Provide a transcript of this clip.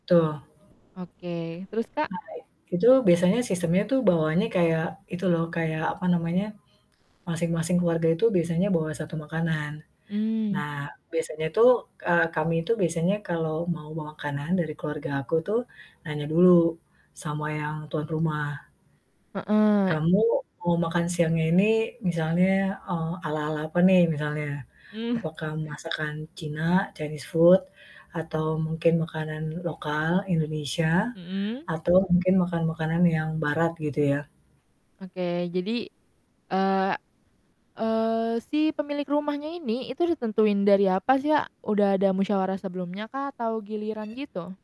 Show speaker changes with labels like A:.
A: Tuh.
B: Oke terus, Kak?
A: Nah, itu biasanya sistemnya tuh bawaannya kayak itu loh kayak, apa namanya, masing-masing keluarga itu biasanya bawa 1 makanan.
B: Mmm.
A: Nah biasanya tuh, eee, kami itu biasanya kalau mau bawa makanan dari keluarga aku tuh nanya dulu sama yang tuan rumah.
B: Heeh.
A: Kamu mau makan siangnya ini misalnya, eee, ala-ala apa nih misalnya.
B: Mmm.
A: Apakah masakan Cina, Chinese food atau mungkin makanan lokal Indonesia
B: Mhm.
A: atau mungkin makanan-makanan yang Barat gitu ya?
B: Oke, jadi, eee eee, si pemilik rumahnya ini itu udah tentuin dari apa sih ya? Udah ada musyawarah sebelumnya kah? Atau giliran gitu?